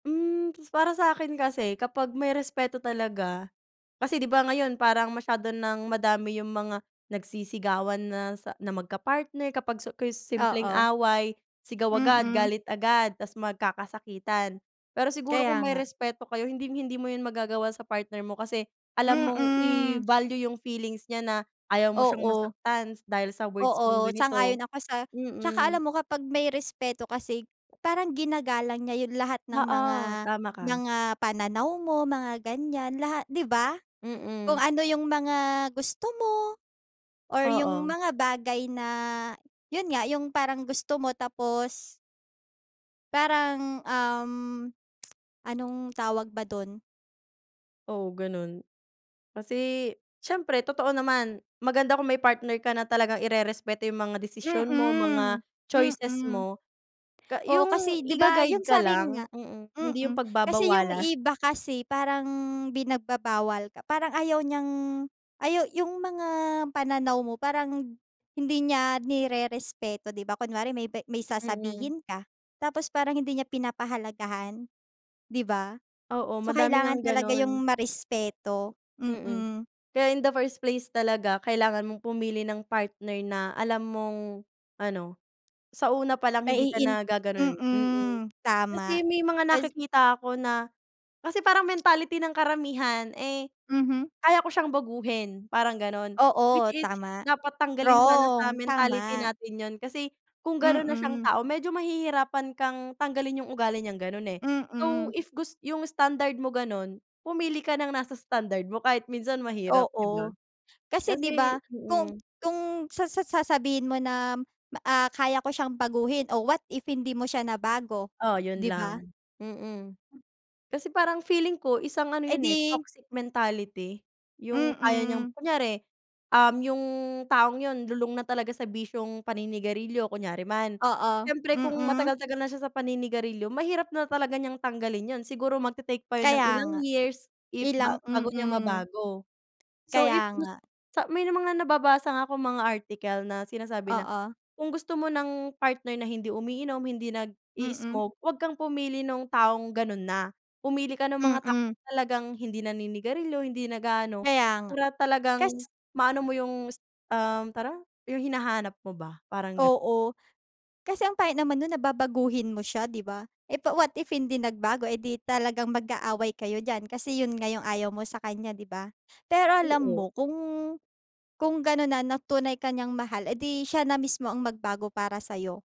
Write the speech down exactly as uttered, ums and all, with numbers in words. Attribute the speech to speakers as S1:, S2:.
S1: Hmm, ta's para sa'kin kasi kapag may respeto talaga kasi, di ba, ngayon parang masyado ng madami yung mga nagsisigawan na sa na magkapartner kapag su kris simpleng
S2: Oo.
S1: away, sigaw agad,
S2: Mm.
S1: galit agad, ta's magkakasakitan. Pero siguro
S2: Kaya
S1: kung may
S2: nga.
S1: respeto kayo hinding-hindi mo yun magagawa sa partner mo kasi, alam mong
S2: Mm.
S1: i-value yung feelings niya na, ayaw mo siyang
S2: Oo.
S1: masaktan dahil sa words
S2: Oo,
S1: mong ganito.
S2: sang-ayon ako sa tsaka
S1: Mm.
S2: alam mo kapag may respeto kasi parang ginagalang niya yun lahat ng
S1: Oo,
S2: mga
S1: tama ka.
S2: mga pananaw mo, mga ganyan, laha di ba? Kung
S1: Mm.
S2: ano yung mga gusto mo, or yung
S1: Oo.
S2: mga bagay na yun nga, yung parang gusto mo tapos parang, um, anong tawag ba do'n?
S1: Oo, gano'n. Kasi, siyempre totoo naman, maganda kung may partner ka na talagang irerespeto yung mga desisyon mo,
S2: Mm.
S1: mga choices
S2: Mm.
S1: mo, ka
S2: Oo,
S1: yung
S2: kasi di ba
S1: iga-guide
S2: yung
S1: ka
S2: sabi
S1: lang,
S2: nga
S1: mm, hindi yung
S2: mm. Kasi yung
S1: pagbabawalan.
S2: iba kasi parang binagbabawal ka, parang ayaw niyang ayaw yung mga pananaw mo parang hindi niya nirerespeto, di ba? Kunwari may ba may
S1: Mm.
S2: sasabihin ka, tapos parang hindi niya pinapahalagahan, di ba?
S1: Oo,
S2: So
S1: madami
S2: kailangan
S1: ngang
S2: talaga yung
S1: gano'n.
S2: marespeto.
S1: Mm.
S2: Mm.
S1: Kaya in the first place talaga kailangan mong pumili ng partner na alam mong, ano, sa una palang hindi ka
S2: Maiin
S1: na gaganonin. Mm.
S2: mm, tama.
S1: Kasi may mga
S2: Ta's
S1: nakikita ako na kasi parang mentality ng karamihan, eh,
S2: Mhm.
S1: kaya ko siyang baguhin parang gano'n, which
S2: Oo,
S1: is
S2: tama.
S1: dapat tanggalin sana sa
S2: Wrong,
S1: mentality
S2: tama.
S1: natin yun kasi kung gano'n na siyang
S2: Mm.
S1: tao, medyo mahihirapan kang tanggalin yung ugali niyang gano'n, eh. So
S2: Mm.
S1: if gus yung standard mo gano'n, pumili ka ng nasa standard mo kahit minsan mahirap, di ba?
S2: Oo. Kasi di ba
S1: Kasi
S2: kung
S1: mm.
S2: kung sa sa sasabihin mo na, ah, kaya ko siyang baguhin, oh, what if hindi mo siya nabago?
S1: Oh, yun
S2: Di ba?
S1: lang. Mm. Kasi parang feeling ko isang ano
S2: Eh
S1: yun, eh,
S2: di
S1: toxic mentality, yung kaya niyang
S2: Mm.
S1: kunyari, um, yung taong yun lulong na talaga sa bisyong paninigarilyo kunyari man.
S2: Oo.
S1: Siyempre kung
S2: Mm.
S1: matagal-tagal na siya sa paninigarilyo, mahirap na talaga niyang tanggalin yun. Siguro mag-te-take pa yun ng
S2: Kaya
S1: ilang
S2: nga.
S1: years if ba
S2: Ilang
S1: bago niya
S2: mm.
S1: mabago. So
S2: Kaya
S1: if gus
S2: nga.
S1: sa may mga nababasa nga akong mga article na sinasabi na,
S2: Oo.
S1: kung gusto mo ng partner na hindi umiinom, hindi
S2: Mm.
S1: nag-i-smoke, huwag kang pumili no'ng taong gano'n na. Pumili ka no'ng mga tao
S2: Mm.
S1: talagang hindi naninigarilyo, hindi nag-aano,
S2: Kaya nga.
S1: para talagang
S2: Kas
S1: maano mo yung s um, tara Yung hinahanap mo ba, parang gan
S2: Oo. Kasi ang pangit naman no'n na babaguhin mo siya, di ba? Eh, pa what if hindi nagbago? Eh di talagang mag-aaway kayo diyan kasi yun nga yung ayaw mo sa kanya, di ba? Pero alam mo
S1: Oo.
S2: kung kung gano'n na na tunay ka niyang mahal, edi siya na mismo ang magbago para sa'yo.